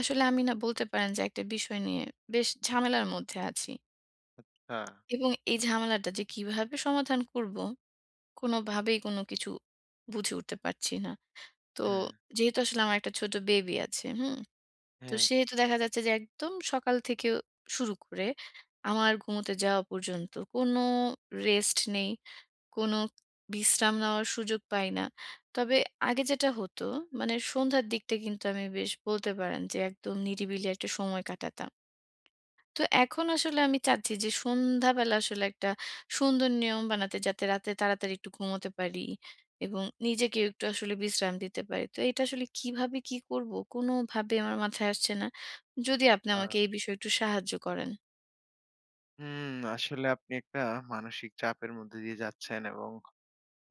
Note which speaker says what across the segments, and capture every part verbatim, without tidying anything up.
Speaker 1: আসলে আমি না বলতে পারেন যে একটা বিষয় নিয়ে বেশ ঝামেলার মধ্যে আছি।
Speaker 2: আচ্ছা।
Speaker 1: এবং এই ঝামেলাটা যে কীভাবে সমাধান করব কোনভাবেই কোনো কিছু বুঝে উঠতে পারছি না। তো
Speaker 2: হ্যাঁ, হ্যাঁ।
Speaker 1: যেহেতু আসলে আমার একটা ছোট বেবি আছে, হুম? তো
Speaker 2: হ্যাঁ।
Speaker 1: সেহেতু দেখা যাচ্ছে যে একদম সকাল থেকেও শুরু করে আমার ঘুমুতে যাওয়া পর্যন্ত কোনো রেস্ট নেই। কোন বিশ্রাম নেওয়ার সুযোগ পাই না। তবে আগে যেটা হতো মানে সন্ধ্যার দিকটা কিন্তু আমি বেশ বলতে পারেন যে একদম নিরিবিলি একটা সময় কাটাতাম। তো এখন আসলে আমি চাচ্ছি যে সন্ধ্যাবেলা আসলে একটা সুন্দর নিয়ম বানাতে যাতে রাতে তাড়াতাড়ি একটু ঘুমোতে পারি এবং নিজেকেও একটু আসলে একটু বিশ্রাম দিতে পারি। তো এটা আসলে কীভাবে কি করব? কোনভাবেই আমার মাথায় আসছে না। যদি আপনি
Speaker 2: আচ্ছা।
Speaker 1: আমাকে এই বিষয়ে একটু সাহায্য করেন।
Speaker 2: হুম আসলে আপনি একটা মানসিক চাপের মধ্যে দিয়ে যাচ্ছেন এবং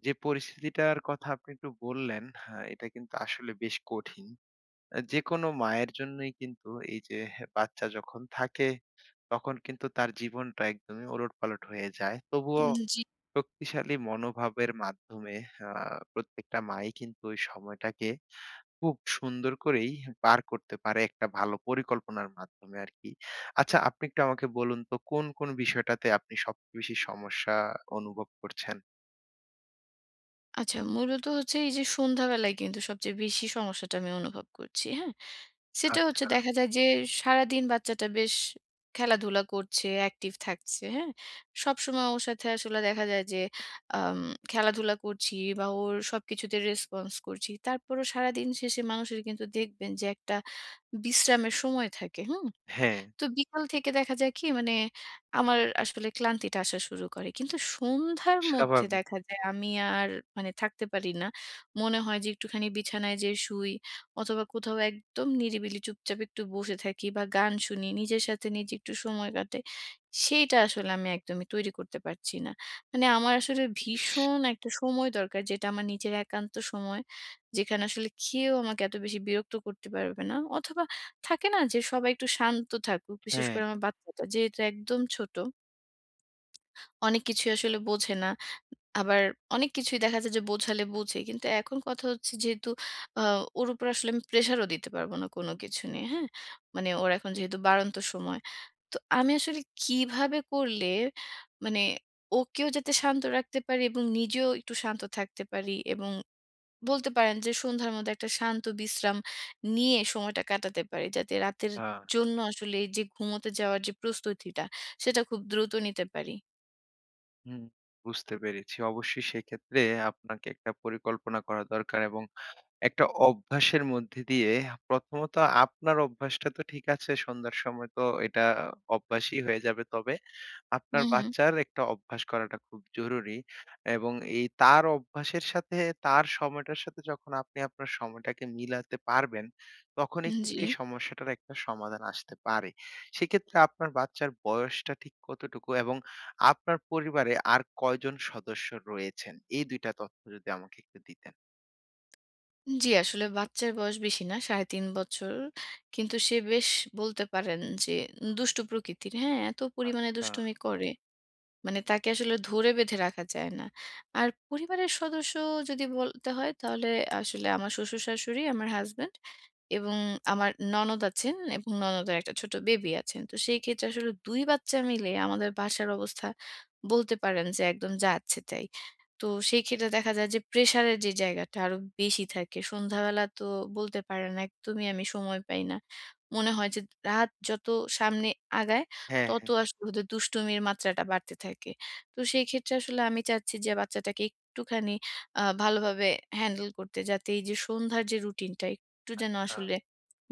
Speaker 2: যে পরিস্থিতিটার কথা আপনি একটু বললেন, হ্যাঁ, এটা কিন্তু আসলে বেশ কঠিন। অ্যা যেকোনো মায়ের জন্যই কিন্তু এই যে বাচ্চা যখন থাকে তখন কিন্তু তার জীবনটা একদমই ওলটপালট হয়ে যায়। তবুও
Speaker 1: উম জি।
Speaker 2: শক্তিশালী মনোভাবের মাধ্যমে আ প্রত্যেকটা মা-ই কিন্তু ঐ সময়টাকে খুব সুন্দর করেই পার করতে পারে একটা ভালো পরিকল্পনার মাধ্যমে আরকি। আচ্ছা আপনি একটু আমাকে বলুন তো কোন কোন বিষয়টাতে আপনি সবচেয়ে বেশি সমস্যা অনুভব করছেন?
Speaker 1: আচ্ছা মূলত হচ্ছে এই যে সন্ধ্যাবেলায় কিন্তু সবচেয়ে বেশি সমস্যাটা আমি অনুভব করছি। হ্যাঁ? সেটা হচ্ছে,
Speaker 2: আচ্ছা।
Speaker 1: দেখা যায় যে সারাদিন বাচ্চাটা বেশ খেলাধুলা করছে, অ্যাকটিভ থাকছে। হ্যাঁ? সবসময় ওর সাথে আসলে দেখা যায় যে আম খেলাধুলা করছি বা ওর সবকিছুতে রেসপন্স করছি। তারপরও সারাদিন শেষে মানুষের কিন্তু দেখবেন যে একটা বিশ্রামের সময় থাকে। হুম?
Speaker 2: হ্যাঁ।
Speaker 1: তো বিকাল থেকে দেখা যায় কি, মানে আমার আসলে ক্লান্তিটা আসা শুরু করে। কিন্তু সন্ধ্যার মধ্যে
Speaker 2: স্বাভাবিক।
Speaker 1: দেখা যায় আমি আর মানে থাকতে পারি না। মনে হয়, যে একটুখানি বিছানায় যেয়ে শুই। অথবা কোথাও একদম নিরিবিলি চুপচাপ একটু বসে থাকি বা গান শুনি। নিজের সাথে নিজে একটু সময় কাটাই। সেইটা আসলে আমি একদমই তৈরি করতে পারছি না। মানে আমার আসলে
Speaker 2: ইস!
Speaker 1: ভীষণ একটা সময় দরকার, যেটা আমার নিজের একান্ত সময়। যেখানে আসলে কেউ আমাকে এত বেশি বিরক্ত করতে পারবে না। অথবা থাকে না? যে সবাই একটু শান্ত থাকুক। বিশেষ
Speaker 2: হ্যাঁ।
Speaker 1: করে আমার বাচ্চাটা যেহেতু একদম ছোট। অনেক কিছুই আসলে বোঝে না। আবার অনেক কিছুই দেখা যায় যে বোঝালে বোঝে। কিন্তু এখন কথা হচ্ছে যেহেতু, আ ওর উপর আসলে আমি প্রেশারও দিতে পারব না কোন কিছু নিয়ে। হ্যাঁ? মানে ওর এখন যেহেতু বাড়ন্ত সময়। তো আমি আসলে কিভাবে করলে মানে ওকেও যাতে শান্ত রাখতে পারি এবং নিজেও একটু শান্ত থাকতে পারি এবং বলতে পারেন যে সন্ধ্যার মধ্যে একটা শান্ত বিশ্রাম নিয়ে সময়টা কাটাতে পারি, যাতে রাতের
Speaker 2: হা।
Speaker 1: জন্য আসলে এই যে ঘুমোতে যাওয়ার যে প্রস্তুতিটা, সেটা খুব দ্রুত নিতে পারি?
Speaker 2: হুম বুঝতে পেরেছি। অবশ্যই সেক্ষেত্রে আপনাকে একটা পরিকল্পনা করা দরকার, এবং একটা অভ্যাসের মধ্যে দিয়ে প্রথমত আপনার অভ্যাসটা তো ঠিক আছে, সন্ধ্যার সময় তো এটা অভ্যাসই হয়ে যাবে। তবে
Speaker 1: উ
Speaker 2: আপনার
Speaker 1: হু।
Speaker 2: বাচ্চার একটা অভ্যাস করাটা খুব জরুরি। এবং এই তার অভ্যাসের সাথে তার সময়টার সাথে যখন আপনি আপনার সময়টাকে মিলাতে পারবেন, তখনই
Speaker 1: উহ
Speaker 2: কিন্তু এই
Speaker 1: জি।
Speaker 2: সমস্যাটার একটা সমাধান আসতে পারে। সেক্ষেত্রে আপনার বাচ্চার বয়সটা ঠিক কতটুকু? এবং আপনার পরিবারে আর কয়জন সদস্য রয়েছেন? এই দুই টা তথ্য যদি আমাকে একটু দিতেন।
Speaker 1: জ্বি আসলে বাচ্চার বয়স বেশি না। সাড়ে তিন বছর। কিন্তু সে বেশ বলতে পারেন যে দুষ্টু প্রকৃতির। হ্যাঁ? এত পরিমাণে
Speaker 2: আচ্ছা।
Speaker 1: দুষ্টুমি করে! মানে তাকে আসলে ধরে বেঁধে রাখা যায় না। আর পরিবারের সদস্য যদি বলতে হয়, তাহলে আসলে আমার শ্বশুর, শাশুড়ি, আমার হাসব্যান্ড, এবং আমার ননদ আছেন এবং ননদের একটা ছোট বেবি আছে। তো সেই ক্ষেত্রে আসলে দুই বাচ্চা মিলে আমাদের বাসার অবস্থা বলতে পারেন, যে একদম যাচ্ছে-তাই। তো সেই ক্ষেত্রে দেখা যায় যে প্রেশার এর যে জায়গাটা আরো বেশি থাকে। সন্ধ্যাবেলা তো বলতে পারেন একদমই আমি সময় পাই না। মনে হয় যে রাত যত সামনে আগায়,
Speaker 2: হ্যাঁ,
Speaker 1: তত
Speaker 2: হ্যাঁ।
Speaker 1: আসলে ওদের দুষ্টুমির মাত্রাটা বাড়তে থাকে। তো সেই ক্ষেত্রে আসলে আমি চাচ্ছি যে বাচ্চাটাকে একটুখানি আ ভালোভাবে হ্যান্ডেল করতে যাতে এই যে সন্ধ্যার যে রুটিনটা, একটু যেন
Speaker 2: আচ্ছা।
Speaker 1: আসলে,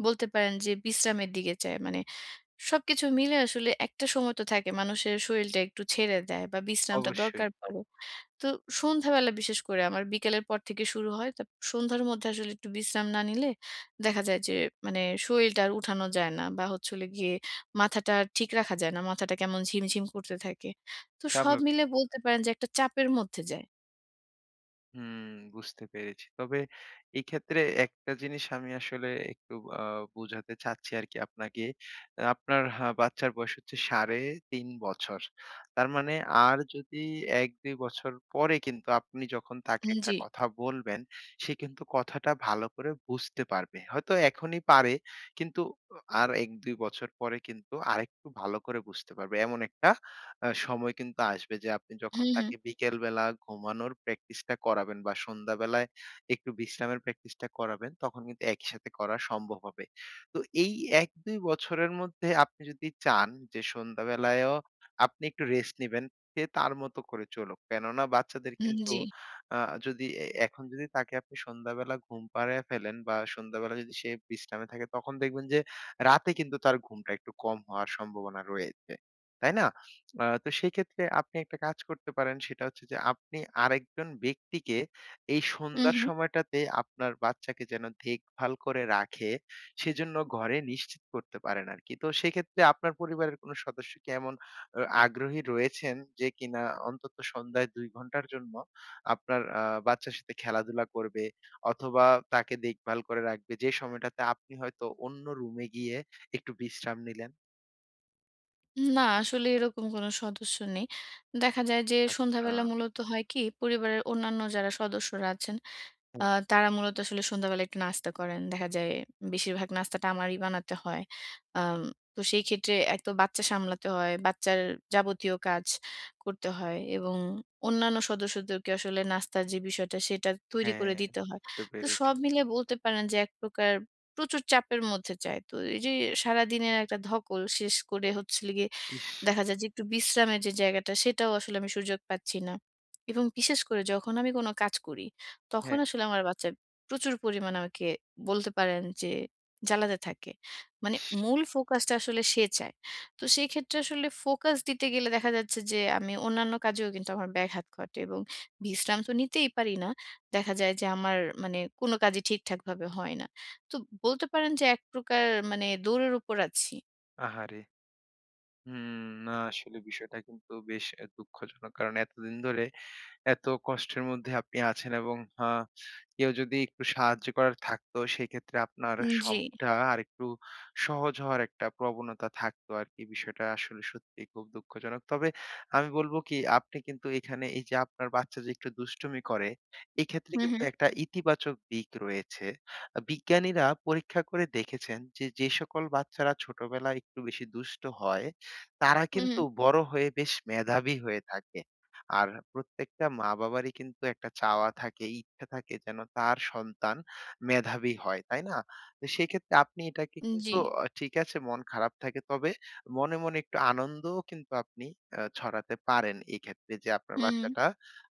Speaker 1: বলতে পারেন যে বিশ্রামের দিকে যায়। মানে, সবকিছু মিলে আসলে একটা সময় তো থাকে, মানুষের শরীরটা একটু ছেড়ে দেয় বা বিশ্রামটা
Speaker 2: অবশ্যই।
Speaker 1: দরকার পরে। তো সন্ধ্যাবেলা বিশেষ করে আমার বিকেলের পর থেকে শুরু হয়। তারপর সন্ধ্যার মধ্যে আসলে একটু বিশ্রাম না নিলে, দেখা যায় যে মানে শরীলটা আর উঠানো যায় না। বা হচ্ছে হলো গিয়ে মাথাটা ঠিক রাখা যায় না। মাথাটা কেমন ঝিমঝিম করতে থাকে। তো সব
Speaker 2: স্বাভাবিক।
Speaker 1: মিলে বলতে পারেন যে একটা চাপের মধ্যে যায়।
Speaker 2: হুম, বুঝতে পেরেছি। তবে এক্ষেত্রে একটা জিনিস আমি আসলে একটু আ বুঝাতে চাচ্ছি আর কি আপনাকে। আ আপনার বাচ্চার বয়স হচ্ছে সাড়ে তিন বছর। তার মানে আর যদি এক দুই বছর পরে কিন্তু আপনি যখন তাকে
Speaker 1: হুম,
Speaker 2: একটা
Speaker 1: জ্বী।
Speaker 2: কথা বলবেন সে কিন্তু কথাটা ভালো করে বুঝতে পারবে। হয়তো এখনই পারে কিন্তু অ আর এক দুই বছর পরে কিন্তু আরেকটু ভালো করে বুঝতে পারবে। এমন একটা অ্যা সময় কিন্তু আসবে যে আপনি
Speaker 1: হু,
Speaker 2: যখন
Speaker 1: হু।
Speaker 2: তাকে বিকেলবেলা ঘুমানোর প্র্যাকটিসটা করাবেন বা সন্ধ্যাবেলায় একটু বিশ্রামের প্র্যাকটিসটা করাবেন তখন কিন্তু একই সাথে করা সম্ভব হবে। তো এই এক দুই বছরের মধ্যে আপনি যদি চান যে সন্ধ্যাবেলায়ও আপনি একটু রেস্ট নিবেন, সে তার মতো করে চলুক। কেননা বাচ্চাদের
Speaker 1: হুম,
Speaker 2: কিন্তু
Speaker 1: জ্বী।
Speaker 2: আ যদি এ এখন যদি তাকে আপনি সন্ধ্যাবেলা ঘুম পাড়ায়া ফেলেন বা সন্ধ্যাবেলা যদি সে বিশ্রামে থাকে তখন দেখবেন যে রাতে কিন্তু তার ঘুমটা একটু কম হওয়ার সম্ভাবনা রয়েছে। তাই না? আ তো সেইক্ষেত্রে আপনি একটা কাজ করতে পারেন সেটা হচ্ছে যে আপনি আরেকজন ব্যক্তিকে এই
Speaker 1: হু,
Speaker 2: সন্ধ্যার
Speaker 1: হু।
Speaker 2: সময়টাতে আপনার বাচ্চাকে যেন দেখভাল করে রাখে সেজন্য ঘরে নিশ্চিত করতে পারেন আরকি। তো সেক্ষেত্রে আপনার পরিবারের কোন সদস্য কি এমন অ আগ্রহী রয়েছেন যে কিনা অন্তত সন্ধ্যায় দুই ঘন্টার জন্য আপনার আ বাচ্চার সাথে খেলাধুলা করবে অথবা তাকে দেখভাল করে রাখবে? যে সময়টাতে আপনি হয়তো অন্য রুমে গিয়ে একটু বিশ্রাম নিলেন?
Speaker 1: উম না, আসলে এরকম কোন সদস্য নেই। দেখা যায় যে
Speaker 2: আচ্ছা।
Speaker 1: সন্ধ্যাবেলা মূলত হয় কি? পরিবারের অন্যান্য যারা সদস্যরা আছেন, আ
Speaker 2: হুম।
Speaker 1: তারা মূলত আসলে সন্ধ্যাবেলা একটু নাস্তা করেন। দেখা যায় বেশিরভাগ নাস্তাটা আমারই বানাতে হয়। আম তো সেই ক্ষেত্রে এক তো বাচ্চা সামলাতে হয়, বাচ্চার যাবতীয় কাজ করতে হয় এবং অন্যান্য সদস্যদেরকে আসলে নাস্তার যে বিষয়টা সেটা তৈরি
Speaker 2: হ্যাঁ,
Speaker 1: করে দিতে হয়।
Speaker 2: বুঝতে
Speaker 1: তো
Speaker 2: পেরেছি।
Speaker 1: সব মিলে বলতে পারেন, যে এক প্রকার প্রচুর চাপের মধ্যে যায়। তো এই যে সারাদিনের একটা ধকল শেষ করে হচ্ছে হলো গিয়ে,
Speaker 2: ইশ!
Speaker 1: দেখা যায় যে একটু বিশ্রামের যে জায়গাটা, সেটাও আসলে আমি সুযোগ পাচ্ছি না। এবং বিশেষ করে যখন আমি কোনো কাজ করি, তখন
Speaker 2: হ্যাঁ।
Speaker 1: আসলে আমার বাচ্চা প্রচুর পরিমাণে আমাকে, বলতে পারেন যে জ্বালাতে থাকে। মানে
Speaker 2: ইশ!
Speaker 1: মূল ফোকাস টা আসলে সে চায়। তো সেই ক্ষেত্রে আসলে ফোকাস দিতে গেলে, দেখা যাচ্ছে যে আমি অন্যান্য কাজেও কিন্তু আমার ব্যাঘাত ঘটে এবং বিশ্রাম তো নিতেই পারি না। দেখা যায় যে আমার মানে কোন কাজই ঠিকঠাকভাবে হয় না। তো বলতে পারেন যে একপ্রকার মানে দৌড়ের উপর আছি।
Speaker 2: আহারে! হুম, না আসলে বিষয়টা কিন্তু বেশ এ দুঃখজনক। কারণ এতদিন ধরে এত কষ্টের মধ্যে আপনি আছেন এবং আ কেউ যদি একটু সাহায্য করার থাকতো, সেক্ষেত্রে আপনার
Speaker 1: উম জি।
Speaker 2: শখটা আরেকটু সহজ হওয়ার একটা প্রবণতা থাকত আরকি। বিষয়টা আসলে সত্যিই খুব দুঃখজনক। তবে আমি বলব কি আপনি কিন্তু এখানে, এই যে আপনার বাচ্চা যে একটু দুষ্টুমি করে, এক্ষেত্রে
Speaker 1: হু,
Speaker 2: কিন্তু
Speaker 1: হু।
Speaker 2: একটা ইতিবাচক দিক রয়েছে। আ বিজ্ঞানীরা পরীক্ষা করে দেখেছেন যে, যে সকল বাচ্চারা ছোটবেলায় একটু বেশি দুষ্ট হয়, তারা
Speaker 1: হুম,
Speaker 2: কিন্তু
Speaker 1: হুম।
Speaker 2: বড় হয়ে বেশ মেধাবী হয়ে থাকে। আর প্রত্যেকটা মা-বাবারই কিন্তু একটা চাওয়া থাকে, ইচ্ছা থাকে যেন তার সন্তান মেধাবী হয়। তাই না? তো সেক্ষেত্রে আপনি এটাকে কিন্তু,
Speaker 1: জ্বি।
Speaker 2: অ ঠিক আছে মন খারাপ থাকে তবে মনে, মনে একটু আনন্দও কিন্তু আপনি আ ছড়াতে পারেন এক্ষেত্রে, যে আপনার
Speaker 1: হুম, হু।
Speaker 2: বাচ্চাটা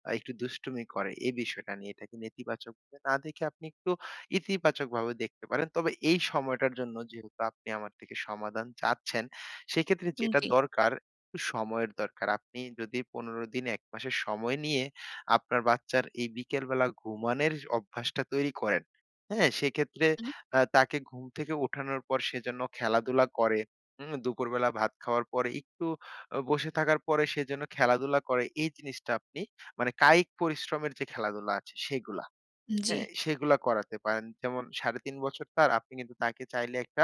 Speaker 2: আ একটু দুষ্টুমি করে। এ বিষয়টা নিয়ে এটাকে নেতিবাচকভাবে না দেখে আপনি একটু ইতিবাচকভাবে দেখতে পারেন। তবে এই সময়টা জন্য যেহেতু আপনি আমার থেকে সমাধান চাচ্ছেন, সেক্ষেত্রে যেটা
Speaker 1: জ্বী।
Speaker 2: দরকার; একটু সময়ের দরকার। আপনি যদি পনেরো দিন, এক মাসের সময় নিয়ে আপনার বাচ্চার এই বিকেলবেলা ঘুমানের অভ্যাসটা তৈরি করেন, হ্যাঁ? সেক্ষেত্রে
Speaker 1: হু।
Speaker 2: আ তাকে ঘুম থেকে উঠানোর পর সে যেন খেলাধুলা করে। হুম? দুপুরবেলা ভাত খাওয়ার পরে একটু অ বসে থাকার পরে সে যেন খেলাধুলা করে। এই জিনিসটা আপনি মানে কায়িক পরিশ্রমের যে খেলাধুলা আছে সেগুলা।
Speaker 1: জ্বি।
Speaker 2: হ্যাঁ? সেগুলো করাতে পারেন। যেমন সাড়ে তিন বছর তার। আপনি কিন্তু তাকে চাইলে একটা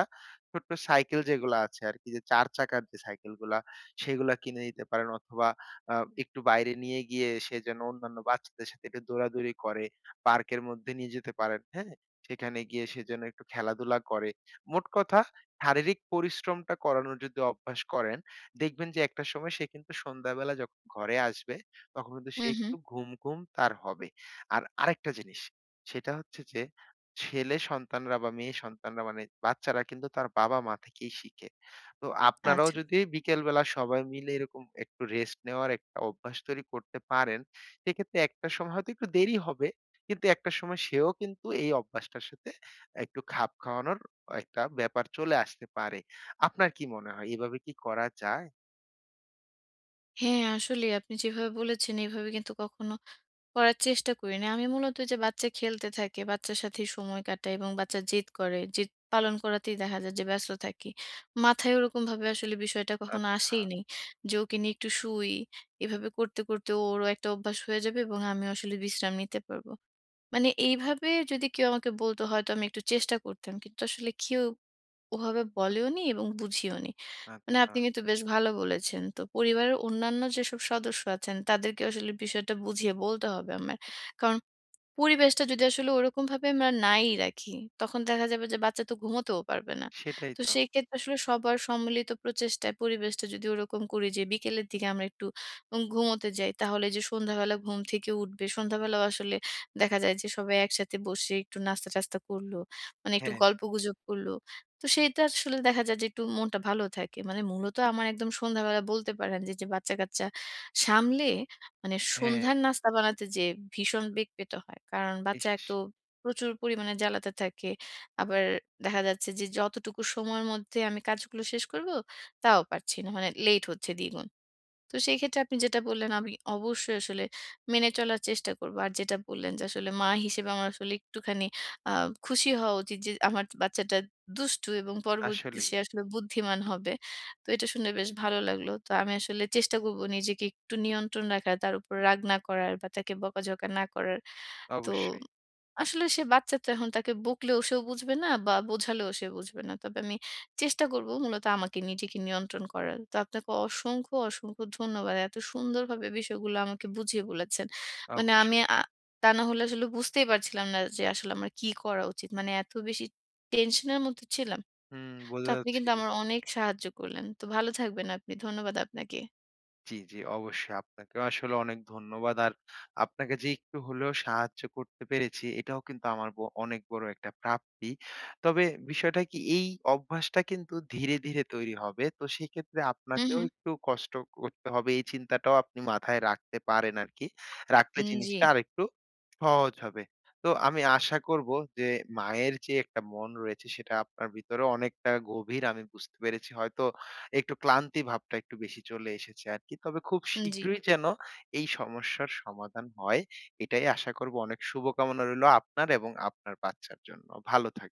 Speaker 2: ছোট্ট সাইকেল যেগুলো আছে আরকি যে চার চাকার যে সাইকেল গুলা। সেগুলা কিনে দিতে পারেন অথবা আ একটু বাইরে নিয়ে গিয়ে, সে যেন অন্যান্য বাচ্চাদের সাথে একটু দৌড়াদৌড়ি করে, পার্কের মধ্যে নিয়ে যেতে পারেন। হ্যাঁ? সেখানে গিয়ে সে যেন একটু খেলাধুলা করে। মোট কথা, শারীরিক পরিশ্রমটা করানোর যদি অভ্যাস করেন, দেখবেন যে একটা সময় সে কিন্তু সন্ধ্যাবেলা যখন ঘরে আসবে, তখন কিন্তু
Speaker 1: হু,
Speaker 2: সে একটু
Speaker 1: হু।
Speaker 2: ঘুম, ঘুম তার হবে। আর আরেকটা জিনিস! সেটা হচ্ছে যে, ছেলে সন্তানরা বা মেয়ে সন্তানরা মানে, বাচ্চারা কিন্তু তার বাবা-মা থেকেই শিখে। তো আপনারাও
Speaker 1: আচ্ছা।
Speaker 2: যদি বিকেলবেলা, সবাই মিলে এরকম একটু রেস্ট নেওয়ার একটা অভ্যাস তৈরি করতে পারেন, সেক্ষেত্রে একটা সময় হয়তো একটু দেরি হবে, কিন্তু একটা সময় সেও কিন্তু এই অভ্যাসটার সাথে একটু খাপ খাওয়ানোর একটা ব্যাপার চলে আসতে পারে। আপনার কি মনে হয় এভাবে কি করা যায়?
Speaker 1: হ্যাঁ আসলেই আপনি যেভাবে বলেছেন, এভাবে কিন্তু কখনো করার চেষ্টা করি নাই। আমি মূলত ওইযে বাচ্চা খেলতে থাকে, বাচ্চার সাথেই সময় কাটাই, এবং বাচ্চা জেদ করে। জেদ পালন করাতেই দেখা যায় যে ব্যস্ত থাকি। মাথায় ওইরকমভাবে আসলে বিষয়টা কখনো
Speaker 2: আচ্ছা।
Speaker 1: আসেইনি। যে ওকে নিয়ে একটু শুই, এভাবে করতে, করতে ওরও একটা অভ্যাস হয়ে যাবে, এবং আমিও আসলে বিশ্রাম নিতে পারব। মানে এইভাবে যদি কেউ আমাকে বলত, হয়তো আমি একটু চেষ্টা করতাম। কিন্তু আসলে কেউ ওভাবে বলেওনি, এবং বুঝিওনি। মানে আপনি
Speaker 2: আচ্ছা।
Speaker 1: কিন্তু বেশ ভালো বলেছেন। তো পরিবারের অন্যান্য যেসব সদস্য আছেন, তাদেরকেও আসলে বিষয়টা বুঝিয়ে বলতে হবে আমার। কারন, পরিবেশটা যদি আসলে ওইরকমভাবে আমরা নাই রাখি, তখন দেখা যাবে যে বাচ্চা তো ঘুমাতেও পারবে না।
Speaker 2: সেটাই
Speaker 1: তো
Speaker 2: তো!
Speaker 1: সেই ক্ষেত্রে আসলে সবার সম্মিলিত প্রচেষ্টায় পরিবেশটা যদি ওরকম করি যে বিকেলের দিকে আমরা একটু উম ঘুমোতে যাই, তাহলে এইযে সন্ধ্যাবেলা ঘুম থেকে উঠবে। সন্ধ্যাবেলাও আসলে দেখা যায় যে সবাই একসাথে বসে একটু নাস্তা-টাস্তা করল। মানে একটু
Speaker 2: হ্যাঁ, হ্যাঁ।
Speaker 1: গল্পগুজব করল। তো সেইটা আসলে দেখা যায় যে একটু মনটা ভালো থাকে। মানে মূলত আমার একদম সন্ধ্যাবেলা বলতে পারেন যে এইযে বাচ্চা-কাচ্চা সামলে, মানে
Speaker 2: হ্যাঁ, হ্যাঁ।
Speaker 1: সন্ধ্যার নাস্তা বানাতে যেয়ে ভীষণ বেগ পেতে হয়। কারণ বাচ্চা এতো
Speaker 2: ইশ!
Speaker 1: প্রচুর পরিমাণে জ্বালাতে থাকে। আবার দেখা যাচ্ছে যে যতটুকু সময়ের মধ্যে আমি কাজগুলো শেষ করব, তাও পারছি না। মানে লেট হচ্ছে দ্বিগুণ। তো সেইক্ষেত্রে আপনি যেটা বললেন আমি অবশ্যই আসলে মেনে চলার চেষ্টা করব। আর যেটা বললেন যে আসলে মা হিসেবে আমার আসলে একটুখানি আ খুশি হওয়া উচিৎ, যে আমার যে বাচ্চাটা দুষ্টু এবং পরবর্তীতে
Speaker 2: আসলেই।
Speaker 1: সে আসলে বুদ্ধিমান হবে। তো এটা শুনে বেশ ভালো লাগলো। তো আমি আসলে চেষ্টা করব নিজেকে একটু নিয়ন্ত্রণ রাখার, তার উপর রাগ না করার, বা তাকে বকাঝকা না করার। তো
Speaker 2: অবশ্যই।
Speaker 1: আসলে সে বাচ্চাতো এখন তাকে বকলেও সেও বুঝবে না, বা বোঝালেও সে বুঝবে না। তবে আমি চেষ্টা করব মূলত আমাকে নিজেকে নিয়ন্ত্রণ করার। তো আপনাকে অসংখ্য, অসংখ্য ধন্যবাদ। এত সুন্দরভাবে বিষয়গুলো আমাকে বুঝিয়ে বলেছেন। মানে আমি
Speaker 2: অবশ্যই।
Speaker 1: অ্যা তা না হলে আসলে বুঝতেই পারছিলাম না যে আসলে আমার কি করা উচিত! মানে এত বেশি টেনশন এর মধ্যে ছিলাম!
Speaker 2: হুম
Speaker 1: তো
Speaker 2: বোঝা
Speaker 1: আপনি
Speaker 2: যাচ্ছে।
Speaker 1: কিন্তু আমার অনেক সাহায্য করলেন। তো ভালো থাকবেন আপনি। ধন্যবাদ আপনাকে।
Speaker 2: জি, জি অবশ্যই। আপনাকেও আসলে অনেক ধন্যবাদ, আর আপনাকে যে একটু হলেও সাহায্য করতে পেরেছি এটাও কিন্তু আমার ব অনেক বড় একটা প্রাপ্তি। তবে বিষয়টা কি এই অভ্যাসটা কিন্তু ধীরে, ধীরে তৈরি হবে। তো সেইক্ষেত্রে
Speaker 1: উঁ
Speaker 2: আপনাকেও
Speaker 1: হুঁ।
Speaker 2: একটু কষ্ট করতে হবে। এই চিন্তাটাও আপনি মাথায় রাখতে পারেন আরকি! রাখলে
Speaker 1: উম
Speaker 2: জিনিসটা
Speaker 1: জি।
Speaker 2: আরেকটু সহজ হবে। তো আমি আশা করব যে মায়ের যে একটা মন রয়েছে, সেটা আপনার ভেতরেও অনেকটা গভীর, আমি বুঝতে পেরেছি। হয়তো একটু ক্লান্তি ভাবটা একটু বেশি চলে এসেছে আরকি! তবে খুব
Speaker 1: উম-জি।
Speaker 2: শীঘ্রই যেন এই সমস্যার সমাধান হয়। এটাই আশা করব অনেক শুভকামনা রইলো আপনার, এবং আপনার বাচ্চার জন্য। ভালো থাকবেন।